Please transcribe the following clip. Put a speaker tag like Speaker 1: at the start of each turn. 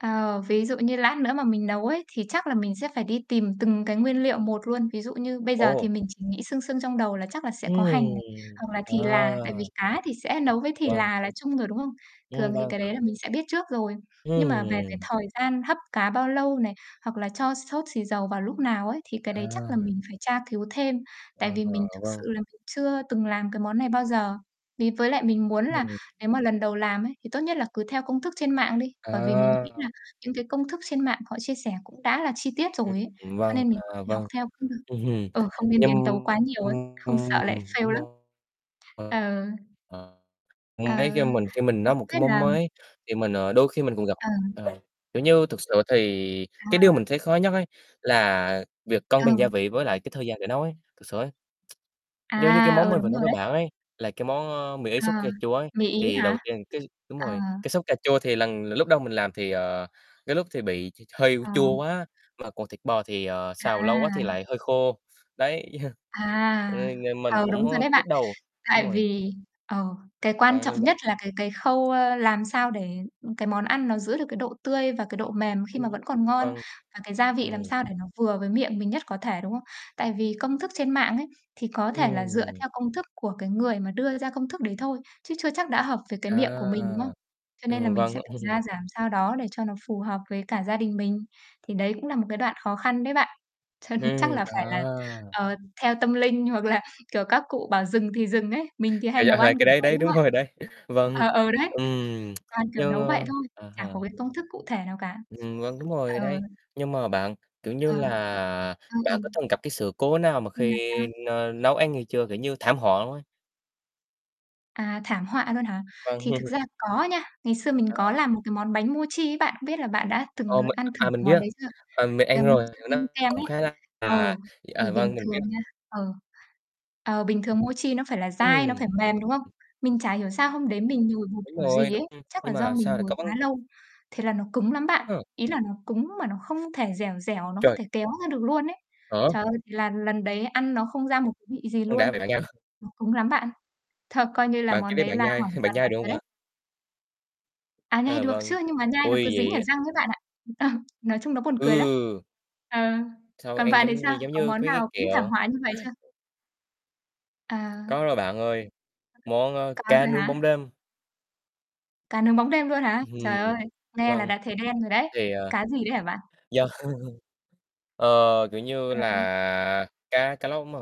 Speaker 1: Ờ, ví dụ như lát nữa mà mình nấu ấy, thì chắc là mình sẽ phải đi tìm từng cái nguyên liệu một luôn. Ví dụ như bây giờ
Speaker 2: Ồ.
Speaker 1: thì mình chỉ nghĩ sương sương trong đầu là chắc là sẽ có hành này,
Speaker 2: Ừm,
Speaker 1: hoặc là
Speaker 2: à.
Speaker 1: thì là, tại vì cá thì sẽ nấu với thì
Speaker 2: Vâng.
Speaker 1: là là chung rồi, đúng không?
Speaker 2: Ừm,
Speaker 1: Thường thì
Speaker 2: vâng.
Speaker 1: cái đấy là mình sẽ biết trước rồi. Nhưng mà về cái
Speaker 2: Ừm.
Speaker 1: thời gian hấp cá bao lâu này, hoặc là cho sốt xì dầu vào lúc nào ấy, thì cái đấy chắc là
Speaker 2: À.
Speaker 1: mình phải tra cứu thêm.
Speaker 2: À,
Speaker 1: Tại vì mình
Speaker 2: à,
Speaker 1: thực
Speaker 2: vâng.
Speaker 1: sự là mình chưa từng làm cái món này bao giờ, vì với lại mình muốn là
Speaker 2: Ừm.
Speaker 1: nếu mà lần đầu làm ấy, thì tốt nhất là cứ theo công thức trên mạng đi. Bởi vì mình
Speaker 2: À.
Speaker 1: nghĩ là những cái công thức trên mạng họ chia sẻ cũng đã là chi tiết rồi ấy,
Speaker 2: Ừm,
Speaker 1: cho
Speaker 2: vâng,
Speaker 1: nên mình có
Speaker 2: à,
Speaker 1: thể học
Speaker 2: vâng,
Speaker 1: theo cũng được.
Speaker 2: ừm hưm.
Speaker 1: Ừ, không nên
Speaker 2: Nhưng
Speaker 1: biến tấu quá nhiều ấy,
Speaker 2: [unintelligible]
Speaker 1: không sợ lại
Speaker 2: ừm, đúng
Speaker 1: fail lắm.
Speaker 2: rồi.
Speaker 1: Ờ.
Speaker 2: [unintelligible] Ờ,
Speaker 1: Ờ,
Speaker 2: mấy khi mình khi mình
Speaker 1: thì
Speaker 2: nấu một
Speaker 1: không biết
Speaker 2: cái món
Speaker 1: là
Speaker 2: mới, thì mình, ờ, đôi khi mình còn gặp
Speaker 1: Ờ.
Speaker 2: ờ, kiểu như, thực sự thì cái điều
Speaker 1: À.
Speaker 2: mình thấy khó nhất ấy là việc cân bằng gia
Speaker 1: Ừ.
Speaker 2: vị với lại cái thời gian để nấu ấy, thực sự ấy. Giống như cái
Speaker 1: À,
Speaker 2: món
Speaker 1: ừ,
Speaker 2: mình vừa
Speaker 1: đúng
Speaker 2: nói
Speaker 1: rồi
Speaker 2: với
Speaker 1: đấy.
Speaker 2: bạn ấy, là cái món, a, mì Ý sốt
Speaker 1: À,
Speaker 2: cà chua ấy.
Speaker 1: mì Ý ấy
Speaker 2: Thì đầu
Speaker 1: hả?
Speaker 2: tiên cái đúng
Speaker 1: À.
Speaker 2: rồi, cái sốt cà chua thì lần l lúc đầu mình làm thì, ờ, cái lúc thì bị t hơi chua
Speaker 1: À.
Speaker 2: quá, mà còn thịt bò thì, ờ, xào lâu quá thì
Speaker 1: À.
Speaker 2: lại hơi khô, đấy. Ơ,
Speaker 1: À,
Speaker 2: nh mình
Speaker 1: ừ,
Speaker 2: cũng,
Speaker 1: đúng
Speaker 2: a,
Speaker 1: rồi đấy bạn.
Speaker 2: lúc đầu đúng
Speaker 1: Tại
Speaker 2: rồi.
Speaker 1: vì ờ, cái quan
Speaker 2: Vâng, nên
Speaker 1: trọng
Speaker 2: b
Speaker 1: nhất là cái cái khâu, ơ, làm sao để, ừm, cái món ăn nó giữ được cái độ tươi và cái độ mềm khi
Speaker 2: Ừm.
Speaker 1: mà vẫn còn ngon,
Speaker 2: Vâng,
Speaker 1: và cái gia vị làm
Speaker 2: ừm.
Speaker 1: sao để nó vừa với miệng mình nhất có thể, đúng không? Tại vì công thức trên mạng ấy, thì có thể là dựa
Speaker 2: Ừm.
Speaker 1: theo công thức của cái người mà đưa ra công thức đấy thôi, chứ chưa chắc đã hợp với cái miệng của
Speaker 2: À,
Speaker 1: mình, đúng không? Cho nên là
Speaker 2: ừm,
Speaker 1: mình
Speaker 2: vâng.
Speaker 1: sẽ phải gia giảm sao đó để cho nó phù hợp với cả gia đình mình, thì đấy cũng là một cái đoạn khó khăn đấy bạn. Cho chắc
Speaker 2: Hừm,
Speaker 1: là phải là,
Speaker 2: à.
Speaker 1: ờ, theo tâm linh, hoặc là, kiểu, các cụ bảo dừng thì dừng ấy, mình thì hay nấu
Speaker 2: [unintelligible] Hai
Speaker 1: ăn
Speaker 2: cái
Speaker 1: kiểu
Speaker 2: đấy
Speaker 1: vậy
Speaker 2: đấy,
Speaker 1: lắm
Speaker 2: đúng
Speaker 1: bạn.
Speaker 2: rồi đấy, vâng.
Speaker 1: Ờ, ừ, đấy,
Speaker 2: Ừm,
Speaker 1: toàn, kiểu,
Speaker 2: nhưng,
Speaker 1: nấu vậy
Speaker 2: a
Speaker 1: thôi,
Speaker 2: à
Speaker 1: chả
Speaker 2: ha.
Speaker 1: có cái công thức cụ thể nào cả.
Speaker 2: Ừm, vâng, đúng rồi,
Speaker 1: Ừ.
Speaker 2: đấy, nhưng mà bạn, kiểu như
Speaker 1: Ờ,
Speaker 2: là,
Speaker 1: ừm,
Speaker 2: bạn có
Speaker 1: ừm.
Speaker 2: từng gặp cái sự cố nào mà
Speaker 1: Ừm, là
Speaker 2: khi
Speaker 1: sao?
Speaker 2: n nấu ăn hay chưa? Kiểu như thảm họa luôn ấy?
Speaker 1: À, thảm họa luôn hả?
Speaker 2: Vâng.
Speaker 1: Thì thực ra có nha. Ngày xưa mình có
Speaker 2: À.
Speaker 1: làm một cái món bánh mochi ấy, bạn không biết là bạn đã từng
Speaker 2: Ờ.
Speaker 1: l
Speaker 2: Mình
Speaker 1: ăn thử
Speaker 2: à,
Speaker 1: cái
Speaker 2: mình
Speaker 1: món
Speaker 2: biết.
Speaker 1: đấy chưa ạ?
Speaker 2: Ờ, mình
Speaker 1: Cái
Speaker 2: ăn rồi,
Speaker 1: mochi
Speaker 2: kiểu, nó
Speaker 1: nhân kem
Speaker 2: cũng
Speaker 1: ấy.
Speaker 2: khá là, à,
Speaker 1: Ừ,
Speaker 2: d
Speaker 1: thì
Speaker 2: à,
Speaker 1: bình
Speaker 2: vâng, mình biết.
Speaker 1: thường nha ừ, ờ, bình thường mochi nó phải là dai, nó phải
Speaker 2: Ừm.
Speaker 1: mềm, đúng không? Mình chả hiểu sao hôm đấy mình nhồi bột
Speaker 2: Đúng
Speaker 1: kiểu
Speaker 2: rồi,
Speaker 1: gì ấy, chắc
Speaker 2: nhưng
Speaker 1: là do
Speaker 2: mà
Speaker 1: mình
Speaker 2: sao lại
Speaker 1: nhồi
Speaker 2: có vấn
Speaker 1: quá lâu, thế là nó cứng lắm bạn.
Speaker 2: Ha?
Speaker 1: Ý là nó cứng mà nó không thể dẻo dẻo, nó không
Speaker 2: Trời.
Speaker 1: thể kéo ra được luôn ấy.
Speaker 2: Hả?
Speaker 1: Trời ơi, thế là lần đấy ăn nó không ra một cái vị gì
Speaker 2: Hông
Speaker 1: luôn,
Speaker 2: đã vậy bạn nha.
Speaker 1: nó cứng lắm bạn. Thật coi như là
Speaker 2: Bạn chỉ
Speaker 1: món
Speaker 2: lấy
Speaker 1: đấy
Speaker 2: bạn
Speaker 1: là
Speaker 2: nhai
Speaker 1: hỏng
Speaker 2: bạn
Speaker 1: toàn
Speaker 2: nhai
Speaker 1: tập
Speaker 2: được
Speaker 1: rồi
Speaker 2: hông
Speaker 1: đấy.
Speaker 2: ạ?
Speaker 1: À, nhai
Speaker 2: À,
Speaker 1: được
Speaker 2: vâng,
Speaker 1: chứa, nhưng mà nhai nó
Speaker 2: ui,
Speaker 1: cứ dính ở
Speaker 2: vậy
Speaker 1: răng ấy bạn ạ. Ờ, nói chung nó buồn cười lắm.
Speaker 2: Ừ.
Speaker 1: Ừ,
Speaker 2: Xong
Speaker 1: còn
Speaker 2: ăn
Speaker 1: bạn thì
Speaker 2: giống như
Speaker 1: sao?
Speaker 2: giống
Speaker 1: Có
Speaker 2: như
Speaker 1: món
Speaker 2: mấy cái
Speaker 1: nào cũng thảm
Speaker 2: kẹo.
Speaker 1: họa như vậy chưa? À.
Speaker 2: Có rồi bạn ơi, món, a,
Speaker 1: Có
Speaker 2: cá
Speaker 1: rồi
Speaker 2: nướng
Speaker 1: hả?
Speaker 2: bóng đêm.
Speaker 1: Cá nướng bóng đêm luôn hả?
Speaker 2: Ừm,
Speaker 1: Trời ơi, nghe là
Speaker 2: vâng.
Speaker 1: đã thấy đen rồi đấy.
Speaker 2: Thì, ờ,
Speaker 1: Cá gì đấy hả bạn?
Speaker 2: yeah, ờ, kiểu như
Speaker 1: Ừ.
Speaker 2: là, cá cá lóc m ạ.